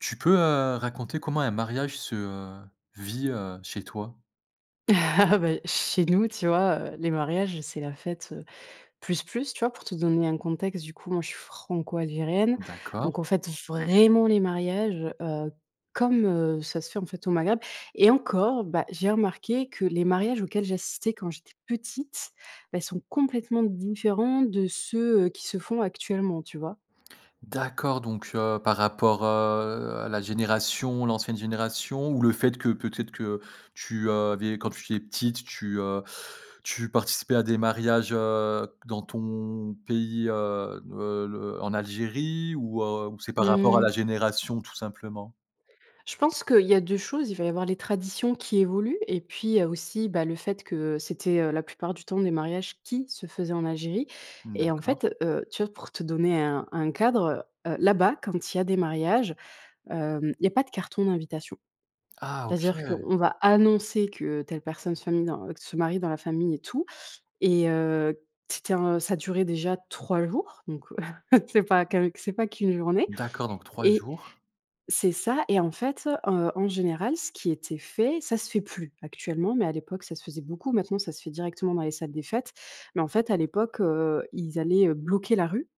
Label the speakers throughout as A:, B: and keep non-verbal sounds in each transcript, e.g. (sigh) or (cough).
A: Tu peux, heu, raconter comment un mariage se, heu, vit, heu, chez toi?
B: (laughs) Bah, chez nous, tu vois, heu, les mariages, c'est la fête, heu, plus, plus, tu vois? Pour te donner un contexte, du coup, moi je suis franco-algérienne. Donc
A: D'accord.
B: on fête vraiment les mariages, heu, comme, heu, ça se fait, en fait, au Maghreb. Et encore, bah, j'ai remarqué que les mariages auxquels j'assistais quand j'étais petite, bah ils sont complètement différents de ceux, heu, qui se font actuellement, tu vois?
A: D'accord, donc, heu, par rapport, heu, à la génération l'ancienne génération? Ou le fait que peut être que, heu, tu, heu, avais quand tu es petite, tu heu tu participais à des mariages, heu, q dans ton pays, heu heu, l heu, en Algérie? Ou, heu, ou c'est par rapport à
B: Mmh
A: la
B: mh.
A: génération, tout simplement?
B: Je pense qu'il y a 2 choses: il va y avoir les traditions qui évoluent, et puis, heu, aussi bah, le fait que, heu, c'était, heu, la plupart du temps des mariages qui se faisaient en Algérie.
A: Mmh,
B: Et en
A: d'accord.
B: fait, heu, tu vois, pour te donner un un cadre, heu heu, là-bas quand il y a des mariages, hem, il y a pas de carton d'invitation.
A: Ah,
B: C'est-à-dire
A: OK!
B: qu'on va annoncer que telle personne se minen heu, se marie dans la famille et tout, et, heu, c'était un ça durait déjà 3 jours donc, (chuckles) heu, c'est pas qu'avec c'est pas qu'1 journée!
A: D'accord, donc 3
B: Et
A: jours.
B: c'est ça, et en fait, heu, en général, ce qui était fait- ça se fait plus, actuellement, mais à l'époque ça se faisait beaucoup, maintenant ça se fait directement dans les salles des fêtes- mais en fait à l'époque, heu, ils allaient, heu, bloquer la rue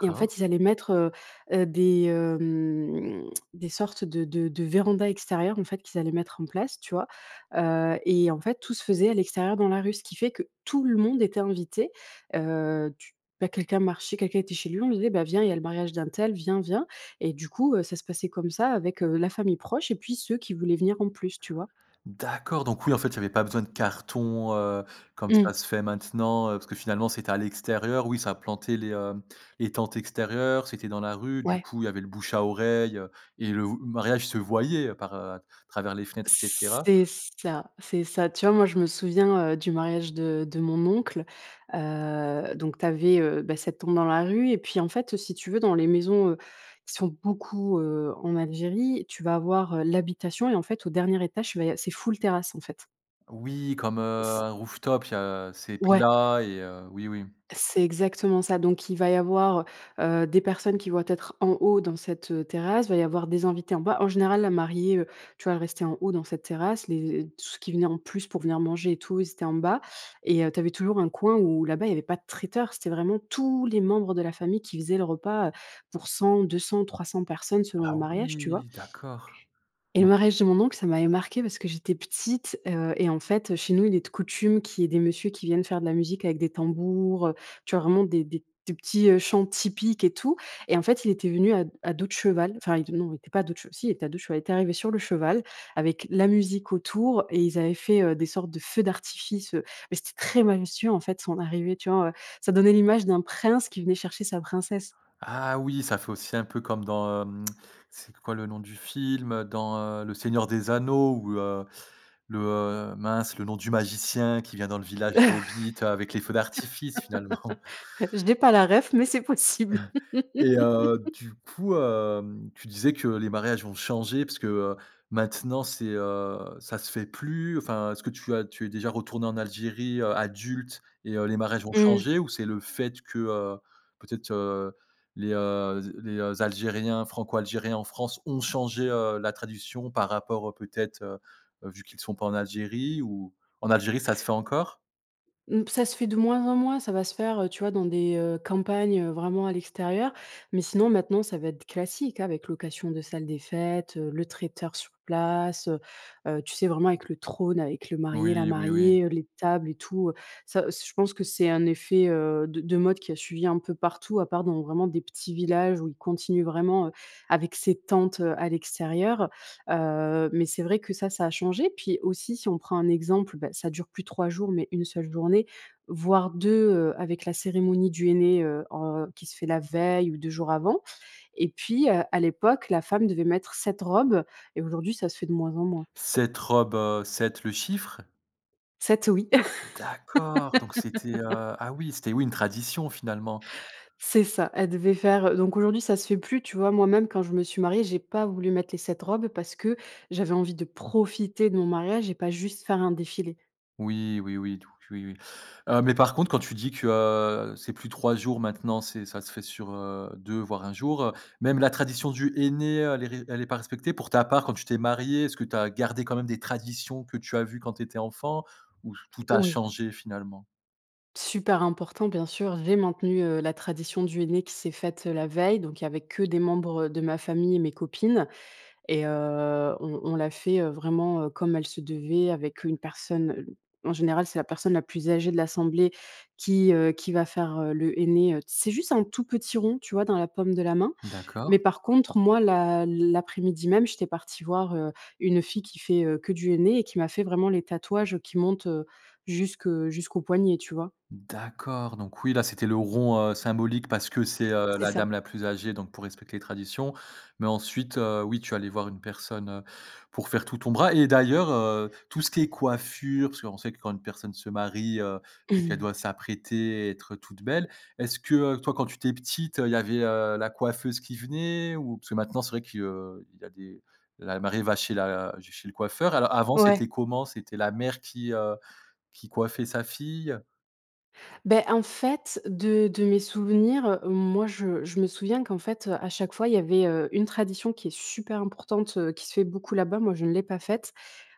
B: et en fait ils allaient mettre, heu heu, des, hem, des sortes de de de vérandas extérieures, en fait, qu'ils allaient mettre en place, tu vois, heu, et en fait tout se faisait à l'extérieur dans la rue, ce qui fait que tout le monde était invité. Heu, tu bah, quelqu'un marchait, quelqu'un était chez lui, on lui disait: «Bah, viens, il y a le mariage d'untel, viens, viens!» Et du coup, heu, ça se passait comme ça avec, heu, la famille proche et puis ceux qui voulaient venir en plus, tu vois?
A: D'accord, donc oui, en fait, il y avait pas besoin de cartons, heu, comme
B: Mmh.
A: ça se fait maintenant, heu, parce que finalement c'était à l'extérieur. Oui, ça plantait les, hem les tentes extérieures, c'était dans la rue. Du
B: Ouais.
A: coup, il y avait le bouche-à-oreille, heu, et le v mariage se voyait, heu, par heu, à travers les fenêtres, et cetera?
B: C'est ça, c'est ça. Tu vois, moi je me souviens, heu, du mariage de de mon oncle: heu, donc tu avais, heu, bah, cette tombe dans la rue et puis en fait, heu, si tu veux, dans les maisons, heu, qui sont beaucoup, heu, en Algérie, tu vas avoir, heu, l'habitation, et en fait au dernier étage tu vas y av c'est full terrasse, en fait.
A: Oui, comme, heu,
B: C
A: un rooftop il y a, heu c'est
B: Ouais.
A: plat et, heu oui, oui.
B: C'est exactement ça. Donc il va y avoir, heu, des personnes qui vont être en haut dans cette, heu, terrasse, il va y avoir des invités en bas. En général, la mariée, heu, tu vois, elle restait en haut dans cette terrasse, les et tout ceux qui venaient en plus pour venir manger et tout, ils étaient en bas. Et heu, tu avais toujours un coin où là-bas, il y avait pas de traiteur, c'était vraiment tous les membres de la famille qui faisaient le repas, heu, pour 100, 200, 300 personnes selon le
A: Ah
B: mariage, tu vois?
A: oui, d'accord!
B: Et le
A: Donc
B: mariage de mon oncle, ça m'avait marquée parce que j'étais petite, heu, et en fait, heu, chez nous, il est de coutume qu'il y ait des monsieurs qui viennent faire de la musique avec des tambours, heu, tu vois vraiment des des des petits, heu, chants typiques et tout, et en fait il était venu à d à dos de cheval enfin il non, il était pas dos de chev si, il était à dos de cheval, il est arrivé sur le cheval avec la musique autour et ils avaient fait, heu, des sortes de feux d'artifice, heu, mais c'était très majestueux, en fait, son arrivée, tu vois, heu, ça donnait l'image d'un prince qui venait chercher sa princesse.
A: Ah oui, ça fait aussi un peu comme dans, hem c'est quoi le nom du film? Heu, dans, heu, «Le Seigneur des Anneaux», où, heu, le heu mince, le nom du magicien qui vient dans le village des Hobbits, heu, avec les feux d'artifice, finalement.
B: (laughs) Je n'ai pas la ref mais c'est possible!
A: (chuckles) Et, heu,
B: (laughs)
A: du coup, hem, tu disais que les mariages ont changé parce que, heu, maintenant, c'est heu, ça se fait plus. Enfin, est-ce que tu as tu es déjà retournée en Algérie, heu, adulte et, heu, les mariages ont
B: Mmh.
A: changé, ou c'est le fait que, heu, peut-être, heu, les, heu, z les, heu, algériens franco-algériens en France ont changé, heu, la tradition par rapport, heu, peut-être, heu heu, vu qu'ils sont pas en Algérie, ou en Algérie ça se fait encore?
B: Mmh, ça se fait de moins en moins, ça va se faire, heu, tu vois, dans des, heu, campagnes, heu, vraiment à l'extérieur, mais sinon maintenant, ça va être classique avec location de salle des fêtes, heu, le traiteur sur place, heu heu, tu sais, vraiment avec le trône avec le marié, la
A: Oui, oui, oui.
B: mariée, heu, les tables et tout, heu, ça c je pense que c'est un effet, heu, de de mode qui a suivi un peu partout, à part dans vraiment des petits villages où ils continuent vraiment, heu, avec ces tentes, heu, à l'extérieur. Heu, mais c'est vrai que ça ça a changé, puis aussi, si on prend un exemple, bah, ça dure plus 3 jours mais une seule journée, voire 2, heu, avec la cérémonie du henné, heu heu, qui se fait la veille ou 2 jours avant. Et puis, heu, à l'époque, la femme devait mettre 7 robes et aujourd'hui ça se fait de moins en moins.
A: «7 robes», heu, 7 le chiffre?
B: 7 oui! (laughs)
A: D'accord, donc c'était, heu, ah oui, c'était, oui, une tradition, finalement.
B: C'est ça! Elle devait faire, heu donc aujourd'hui ça se fait plus, tu vois, moi même quand je me suis mariée j'ai pas voulu mettre les 7 robes parce que j'avais envie de profiter de mon mariage et pas juste faire un défilé.
A: Oui, oui, oui, tout q oui, oui, heu, mais par contre, quand tu dis que, heu, c'est plus 3 jours maintenant, c'est ça se fait sur, heu, 2, voire 1 jour, heu, même la tradition du henné, heu, elle est ré elle est pas respectée? Pour ta part quand tu t'es mariée, est-ce que tu as gardé quand même des traditions que tu as vu quand tu étais enfant, ou f tout a
B: Oui.
A: changé finalement?
B: Super important, bien sûr, j'ai maintenu, heu, la tradition du henné qui s'est faite, heu, la veille. Donc il y avait que des membres de ma famille et mes copines et heu, on on l'a fait, heu, vraiment, heu, comme elle se devait, avec une personne, heu, en général, c'est la personne la plus âgée de l'assemblée qui, heu, qui va faire, heu, le henné, heu, c'est juste un tout petit rond tu vois? Dans la paume de la main.
A: D'accord.
B: Mais par contre moi l'a l'après-midi même j'étais partie voir, heu, une fille qui fait, heu, que du henné et qui m'a fait vraiment les tatouages, heu, qui montent, heu, jusque jusqu'au poignet, tu vois?
A: D'accord, donc oui, là, c'était le rond, heu, symbolique parce que c'est, heu,
B: C'est
A: la
B: ça.
A: dame la plus âgée, donc pour respecter les traditions. Mais ensuite, heu, oui, tu es allée voir une personne, heu, pour faire tout ton bras et d'ailleurs, heu, tout ce qui est coiffure, parce qu'on sait que quand une personne se marie, heu, donc elle doit
B: (chuckles)
A: s'apprêter, et être toute belle. Est-ce que, heu, toi, quand tu étais petite, heu, il y avait, heu, la coiffeuse qui venait? Ou parce que maintenant, c'est vrai qu'il y a des la mariée va chez la ch chez le coiffeur. Alors avant, c'était
B: Ouais.
A: comment? C'était la mère qui, heu, qui coiffait sa fille?
B: Bah, en fait, de de mes souvenirs, moi, je je me souviens qu'en fait, heu, à chaque fois, il y avait, heu, une tradition qui est super importante, heu, qui se fait beaucoup là-bas, moi je l'ai pas faite.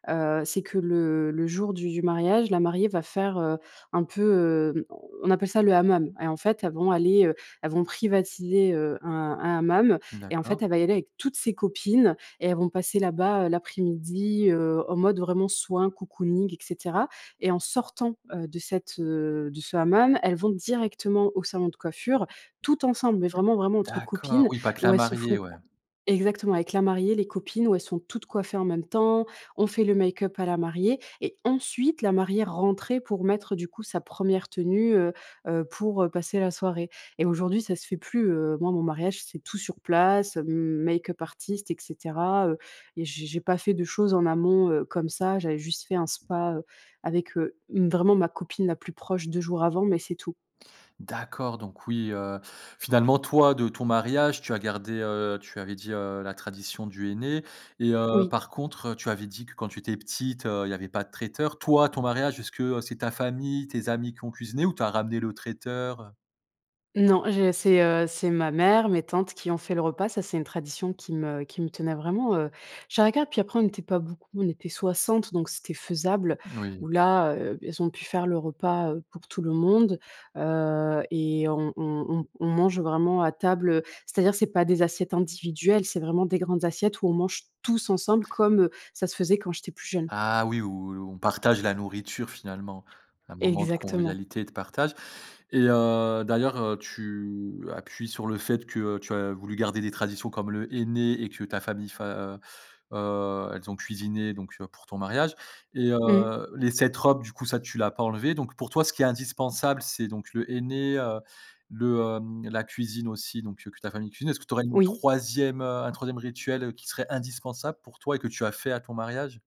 B: Heu, c'est que le le jour du du mariage, la mariée va faire, heu, un peu, heu on appelle ça le hammam. Et en fait, elles vont aller, heu, elles vont privatiser, heu, un un hammam. Et en
A: D'accord.
B: fait, elle va y aller avec toutes ses copines et elles vont passer là-bas, heu, l'après-midi, heu, en mode vraiment soin cocooning et cetera. Et en sortant, heu, de cette, heu de ce hammam, elles vont directement au salon de coiffure, toutes ensembles. Mais vraiment, vraiment entre
A: D'accord,
B: copines
A: oui pas que
B: où
A: la
B: elles se font
A: mariée, ouais.
B: co exactement avec la mariée, les copines où elles sont toutes coiffées en même temps, on fait le make-up à la mariée. Et ensuite la mariée rentrait pour mettre du coup sa 1re tenue, heu heu, pour, heu, passer la soirée. Et aujourd'hui ça se fait plus, heu, moi, mon mariage c'est tout sur place, m make-up artist et cetera, heu, et j'ai j'ai pas fait de choses en amont, heu, comme ça j'avais juste fait un spa, heu, avec, heu, m vraiment ma copine la plus proche 2 jours avant, mais c'est tout.
A: D'accord, donc oui, heu, finalement, toi, de ton mariage, tu as gardé, heu, tu avais dit, heu, la tradition du henné. Et, heu,
B: Oui.
A: par contre, heu, tu avais dit que quand tu étais petite, heu, il y avait pas de traiteur. Toi, ton mariage, est ce que, heu, c'est ta famille, tes amis qui ont cuisiné ou tu as ramené le traiteur, heu?
B: Non, j'ai c'est, heu, c'est ma mère, mes tantes qui ont fait le repas, ça, c'est une tradition qui me qui me tenait vraiment, heu, je dirais qu'a puis après, on n'était pas beaucoup, on était 60 donc c'était faisable, ou
A: Oui.
B: là, heu, beh, elles ont pu faire le repas, heu, pour tout le monde, heu et on on on on mange vraiment à table, heu, c'est-à-dire c'est pas des assiettes individuelles, c'est vraiment des grandes assiettes, où on mange tous ensemble comme, heu, ça se faisait quand j'étais plus jeune.
A: Ah oui, où où on partage la nourriture, finalement. Un moment de
B: Exactement.
A: convivialité et de partage et heu, d'ailleurs, heu, tu appuies sur le fait que, heu, tu as voulu garder des traditions, comme le henné et que ta famille, fa heu, heu, elles ont cuisiné donc, heu, pour ton mariage et heu,
B: Mmh.
A: les cette robe, du coup, ça, tu l'as pas enlevée. Donc pour toi, ce qui est indispensable, c'est, donc, le henné, heu, le, hem, la cuisine aussi donc, heu, que ta famille cuisine. Est-ce que tu aurais une
B: Oui.
A: 3e, heu, un 3e rituel, heu, qui serait indispensable pour toi et que tu as fait à ton mariage?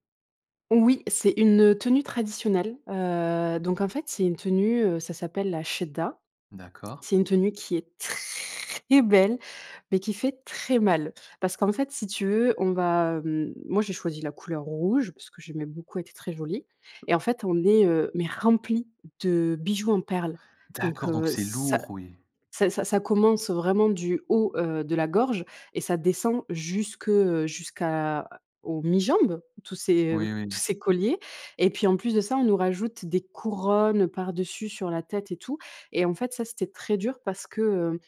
B: Oui, c'est une, heu, tenue traditionnelle, heu, donc en fait c'est une tenue, heu, ça s'appelle la chedda.
A: D'accord.
B: C'est une tenue qui est très belle, mais qui fait très mal. Parce qu'en fait si tu veux, on va, hem, moi, j'ai choisi la couleur rouge, parce que, j'aimais beaucoup, elle était très jolie et en fait, on les, heu, mais remplies de bijoux en perles. Donc,
A: D'accord, donc
B: heu,
A: c'est
B: ça
A: lourd oui.
B: ça ça ça commence, heu, vraiment du haut, heu, de la gorge et ça descend jusque, heu, jusqu'à aux mi-jambes, tous ces
A: Oui,
B: tous
A: oui.
B: ces colliers et puis, en plus de ça, on nous rajoute des couronnes, heu, par-dessus, sur la tête et tout et en fait, ça, c'était très dur parce que,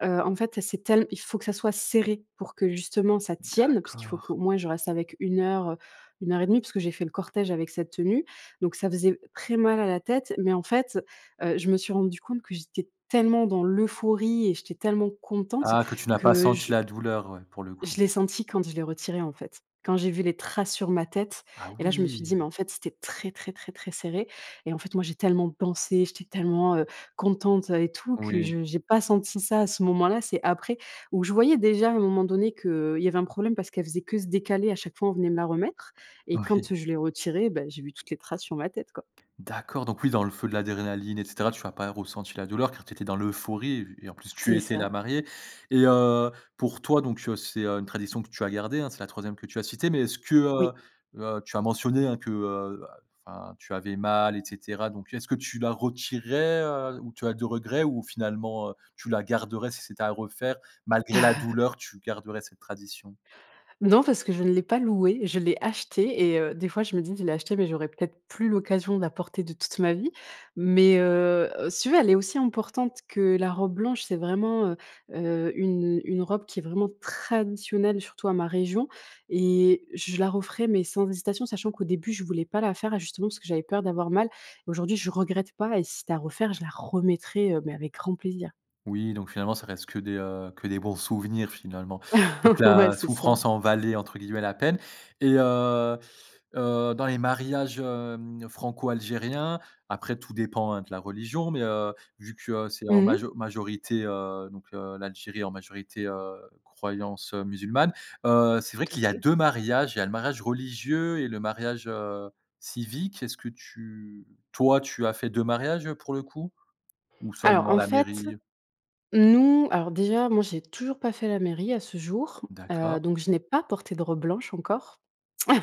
B: hem, heu, en fait, c'est tell il faut que ça soit serré pour que, justement, ça tienne, puisqu'il faut
A: D'accord.
B: qu'au moins, je reste avec 1 heure, heu, 1:30, puisque j'ai fait le cortège avec cette tenue. Donc ça faisait très mal à la tête, mais en fait, heu, je me suis rendue compte que j'étais tellement dans l'euphorie et j'étais tellement contente
A: Ah, que tu n'as pas
B: que
A: senti
B: je
A: la douleur, ouais, pour le coup.
B: je l'ai senti quand je l'ai retirée en fait. Quand j'ai vu les traces sur ma tête
A: Ah
B: et là, je me suis
A: oui!
B: dit: «mais en fait c'était très, très, très, très serré» et en fait moi j'ai tellement pensé, j'étais tellement, heu, contente, heu et tout que
A: Oui.
B: je j'ai pas senti ça, à ce moment-là, c'est après, où je voyais déjà, à un moment donné, que, heu, il y avait un problème, parce qu'elle faisait que se décaler, à chaque fois on venait me la remettre et quand,
A: Oui.
B: heu, je l'ai retirée, bah, j'ai vu toutes les traces sur ma tête quoi.
A: D'accord, donc oui, dans le feu de l'adrénaline et cetera, tu as pas ressenti la douleur car tu étais dans l'euphorie et et en plus tu
B: C'est
A: étais la
B: ça.
A: mariée et heu, pour toi donc, heu, c'est, heu, une tradition que tu as gardée, hein, c'est la 3ème que tu as citée mais est-ce que, heu,
B: Oui.
A: heu, tu as mentionné, hein, que, heu, bah, enfin, tu avais mal, et cetera. Donc est-ce que tu la retirerais, heu, ou tu as de regret ou finalement, heu, tu la garderais, si c'était à refaire? Malgré la douleur,
B: (chuckles)
A: tu garderais cette tradition?
B: Non, parce que je ne l'ai pas louée. Je l'ai achetée et heu, des fois je me dis: «Je l'ai achetée, mais j'aurais peut-être plus l'occasion, de la porter, de toute ma vie.» Mais, heu, heu, si tu veux, elle est aussi importante que la robe blanche. C'est vraiment, heu, heu, une une robe qui est vraiment traditionnelle surtout à ma région et je la referais, mais sans hésitation. Sachant qu'au début, je voulais pas la faire, justement, parce que j'avais peur d'avoir mal. Aujourd'hui, je regrette pas et si c'était à refaire, je la remettrais, heu, mais avec grand plaisir.
A: Oui, donc finalement, ça reste que des, heu, que bons souvenirs, finalement. Donc
B: (chuckles) Ouais
A: la
B: c'est ça.
A: souffrance en valait entre guillemets «la peine» et heu, heu, dans les mariages, hem, franco-algériens, après tout dépend, hein, de la religion, mais, heu, vu que, heu, c'est en
B: Mmh.
A: majo majorité, heu, donc, heu, l'Algérie en majorité, heu, croyance, heu, musulmane, heu, c'est vrai
B: Tout à
A: qu'il y a
B: fait.
A: 2 mariages. Il y a le mariage religieux et le mariage, heu, civique. Est-ce que tu toi, tu as fait 2 mariages, heu, pour le coup? Ou
B: Alors
A: seulement
B: en
A: la
B: fait,
A: mairie?
B: nous alors déjà, moi, j'ai toujours pas fait à la mairie à ce jour, heu,
A: D'accord.
B: donc je n'ai pas porté de robe blanche encore,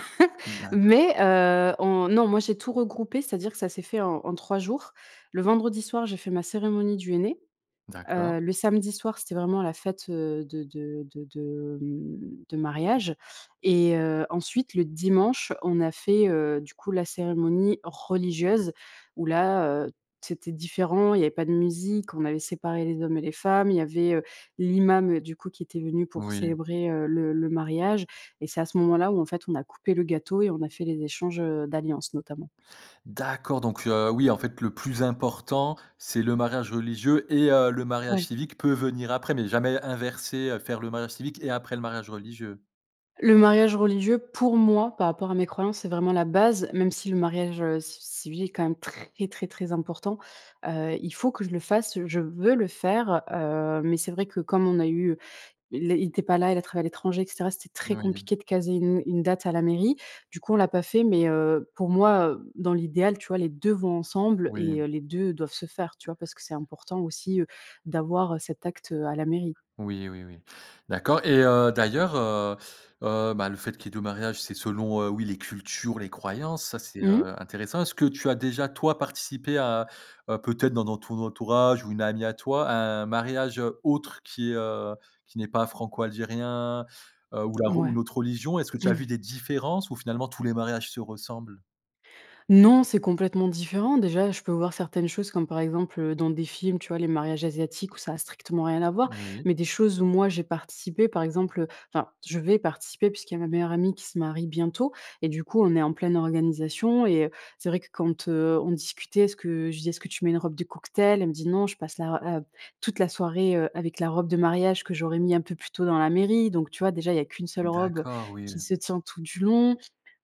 B: (chuckles)
A: D'accord.
B: mais, heu, on non, moi j'ai tout regroupé, c'est-à-dire que ça s'est fait en en 3 jours. Le vendredi soir, j'ai fait ma cérémonie du henné,
A: D'accord.
B: heu, le samedi soir, c'était vraiment la fête, heu, de de de de mmh, de mariage et heu, ensuite le dimanche, on a fait, heu, du coup, la cérémonie religieuse où là, heu, c'était différent, il y avait pas de musique, on avait séparé les hommes et les femmes, il y avait, heu, l'imam, heu, du coup qui était venu pour
A: Oui.
B: célébrer, heu, le le mariage et c'est à ce moment-là où en fait, on a coupé le gâteau et on a fait les échanges, heu, d'alliance, notamment.
A: D'accord, donc, heu, oui, en fait, le plus important, c'est le mariage religieux et heu, le mariage
B: Ouais.
A: civique peut venir après. Mais jamais inverser, heu, faire le mariage civique et après le mariage religieux?
B: Le mariage religieux, pour moi, par rapport à mes croyances, c'est vraiment la base même si le mariage, heu, ci civil est quand même très, très, très important. Heu, il faut que je le fasse, je veux le faire, heu, mais c'est vrai que comme on a eu, heu il ét il était pas là, il a travaillé à l'étranger et cetera, c'était très
A: Oui.
B: compliqué de caser une une date à la mairie, du coup on l'a pas fait mais, heu, pour moi, heu, dans l'idéal, tu vois, les 2 vont ensemble
A: Oui.
B: et heu, les 2 doivent se faire, tu vois, parce que c'est important aussi, heu, d'avoir, heu, cet acte, heu, à la mairie.
A: Oui, oui, oui. D'accord. Et heu, d'ailleurs, heu, heu, ben, le fait qu'il y ait 2 mariages, c'est selon, heu, oui, les cultures, les croyances. Ça c'est,
B: Mmh mh.
A: heu, intéressant. Est-ce que tu as déjà, toi, participé à à peut-être dans non entou ton entourage ou une amie à toi, à un mariage, heu, autre qui, heu, qui n'est pas franco-algérien, heu, ou la rou
B: Ouais.
A: une autre religion? Est-ce que tu as vu
B: (chuckles)
A: des différences ou finalement tous les mariages se ressemblent?
B: Non, c'est complètement différent! Déjà, je peux vouloir certaines choses comme par exemple, heu, dans des films, tu vois les mariages asiatiques où ça a strictement rien à voir,
A: Oui.
B: mais des choses où moi j'ai participé, par exemple, heu enfin, je vais participer puisqu'il y a ma meilleure amie qui se marie bientôt et du coup on est en pleine organisation et heu, c'est vrai que quand, heu, on discutait est-ce que je lui dis: «Est-ce que tu mets une robe de cocktail?». Elle me dit: «Non, je passe la r la toute la soirée, heu, avec la robe de mariage que j'aurai mis un peu plus tôt dans la mairie», donc tu vois, déjà, il y a qu'1 seule robe
A: D'accord, oui.
B: qui se tient tout du long,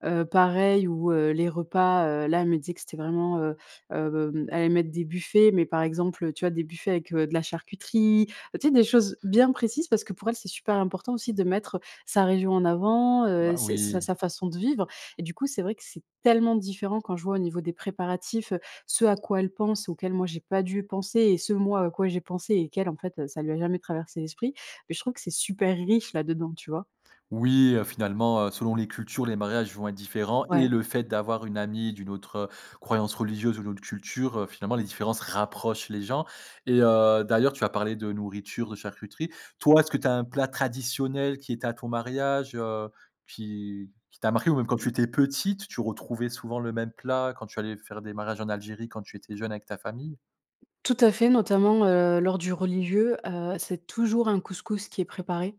B: heu, pareil où, heu, les repas, heu, là elle me disait que c'était vraiment, heu, hem elle allait mettre des buffets, mais par exemple, heu, tu vois, des buffets avec, heu, de la charcuterie, tu sais des choses bien précises parce que pour elle c'est super important aussi de mettre sa région en avant, heu,
A: Bah
B: s sa
A: oui.
B: sa façon de vivre et du coup c'est vrai que c'est tellement différent quand je vois au niveau des préparatifs, heu, ce à quoi elle pense auquel moi j'ai pas dû penser et ce moi à quoi j'ai pensé et qu'elle en fait, heu, ça lui a jamais traversé l'esprit, beh, je trouve que c'est super riche là-dedans, tu vois?
A: Oui, heu, finalement, heu, selon les cultures, les mariages vont être différents et
B: Ouais.
A: le fait d'avoir une amie d'une autre, heu, croyance religieuse ou d'une autre culture, heu, finalement, les différences rapprochent les gens. Et heu, d'ailleurs, tu as parlé de nourriture, de charcuterie. Toi, est-ce que tu as un plat traditionnel qui était à ton mariage, heu, qui qui t'a marquée? Ou même quand tu
B: Mmh.
A: étais petite, tu retrouvais souvent le même plat quand tu allais faire des mariages en Algérie, quand tu étais jeune, avec ta famille?
B: Tout à fait, notamment, heu, lors du religieux, heu, c'est toujours un couscous qui est préparé,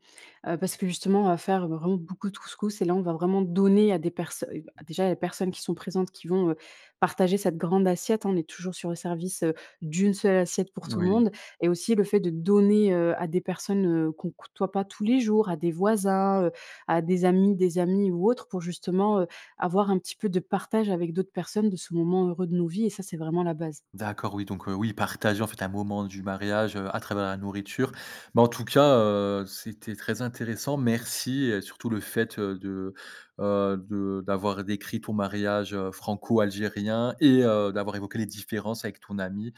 B: heu, parce que justement on va faire vraiment beaucoup de couscous et là on va vraiment donner à des personnes déjà, les personnes qui sont présentes, qui vont, heu, partager, cette grande assiette on est toujours sur le service, heu, d'1 seule assiette pour tout le
A: Oui
B: monde et aussi le fait de donner, heu, à des personnes, heu, qu'on côtoie pas tous les jours, à des voisins, heu, à des amis, des amis ou autres pour justement, heu, avoir un petit peu de partage avec d'autres personnes de ce moment heureux de nos vies et ça c'est vraiment la base.
A: D'accord, oui, donc, heu, oui, partager en fait un moment du mariage, heu, à travers la nourriture. Mais en tout cas, heu, c'était très intéressant, merci et surtout le fait, heu, de, heu, de d'avoir décrit ton mariage, heu, franco-algérien et heu, d'avoir évoqué les différences avec ton amie.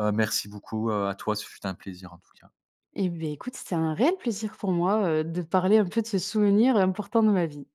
A: Heu, merci beaucoup, heu, à toi. Ce fut un plaisir, en tout cas.
B: Et beh, écoute, c'était un réel plaisir pour moi, heu, de parler un peu de ce souvenir important de ma vie.